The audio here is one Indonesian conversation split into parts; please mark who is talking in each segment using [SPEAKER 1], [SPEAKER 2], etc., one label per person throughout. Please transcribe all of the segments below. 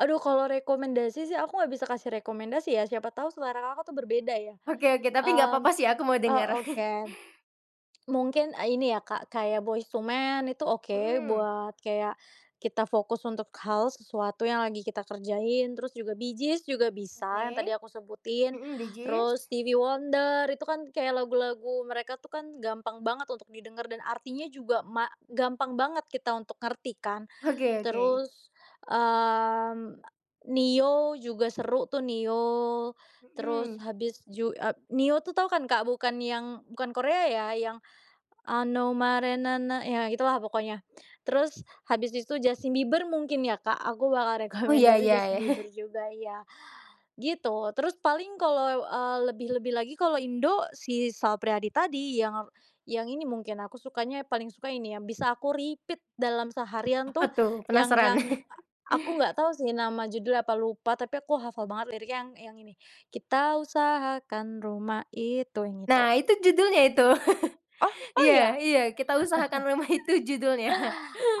[SPEAKER 1] Aduh kalau rekomendasi sih aku nggak bisa kasih rekomendasi ya, siapa tahu selera Kakak tuh berbeda ya.
[SPEAKER 2] Oke oke, tapi nggak
[SPEAKER 1] Mmm,
[SPEAKER 2] papa sih aku mau
[SPEAKER 1] oh
[SPEAKER 2] denger.
[SPEAKER 1] oke. Mungkin, ah, ini ya, Kak, kayak Boyz II Men itu oke
[SPEAKER 2] Mhm.
[SPEAKER 1] buat kayak, kita fokus untuk hal sesuatu yang lagi kita kerjain. Terus juga, Bee Gees juga bisa yang tadi
[SPEAKER 2] Oke.
[SPEAKER 1] aku sebutin.
[SPEAKER 2] Mhm, Bee
[SPEAKER 1] Terus,
[SPEAKER 2] Gees.
[SPEAKER 1] Stevie Wonder itu kan kayak lagu-lagu mereka tuh kan gampang banget untuk didengar dan artinya juga ma gampang banget kita untuk ngerti kan.
[SPEAKER 2] Oke oke.
[SPEAKER 1] Terus, mmm, a Ne-Yo juga seru tuh, Ne-Yo, terus
[SPEAKER 2] Mhm.
[SPEAKER 1] habis ju eee, Ne-Yo tuh tau kan, Kak? Bukan yang bukan Korea ya, yang ano marinana ya itulah pokoknya. Terus habis itu Justin Bieber mungkin ya, Kak, aku bakal
[SPEAKER 2] Oh, iya
[SPEAKER 1] rekomendasi
[SPEAKER 2] iya, ya.
[SPEAKER 1] Justin Bieber juga ya. Gitu, terus paling kalau, ah, lebih-lebih lagi kalau Indo si Sal Priyadi tadi yang, yang ini mungkin aku sukanya paling suka ini, yang bisa aku repeat dalam seharian
[SPEAKER 2] Apa
[SPEAKER 1] tuh
[SPEAKER 2] tuh?
[SPEAKER 1] yang
[SPEAKER 2] Penasaran.
[SPEAKER 1] yang a aku nggak tahu sih nama judulnya apa, lupa tapi aku hafal banget lirik yang yang ini, Kita usahakan rumah itu, yang itu.
[SPEAKER 2] Nah, itu judulnya itu.
[SPEAKER 1] Oh! Oh,
[SPEAKER 2] Iya
[SPEAKER 1] iya?
[SPEAKER 2] iya, "Kita Usahakan Rumah Itu" judulnya.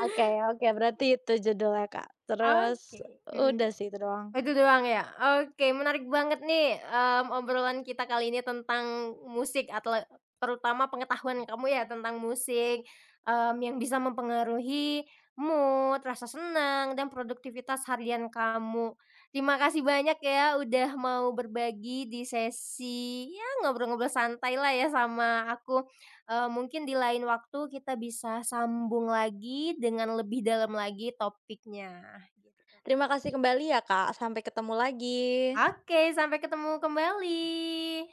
[SPEAKER 1] Oke oke berarti itu judulnya, Kak. Terus,
[SPEAKER 2] Oke, mhm.
[SPEAKER 1] udah sih itu doang.
[SPEAKER 2] Oh itu doang ya? Oke menarik banget nih, mmm, obrolan kita kali ini tentang musik, atle terutama pengetahuan kamu ya tentang musik, mmm, yang bisa mempengaruhi mood, rasa senang, dan produktivitas harian kamu. Terima kasih banyak ya udah mau berbagi di sesi, ya ngobrol-ngobrol santailah ya sama aku, eee, mungkin di lain waktu kita bisa sambung lagi dengan lebih dalam lagi topiknya, gitu.
[SPEAKER 1] Terima kasih kembali ya, Kak, sampai ketemu lagi.
[SPEAKER 2] Oke, sampai ketemu kembali.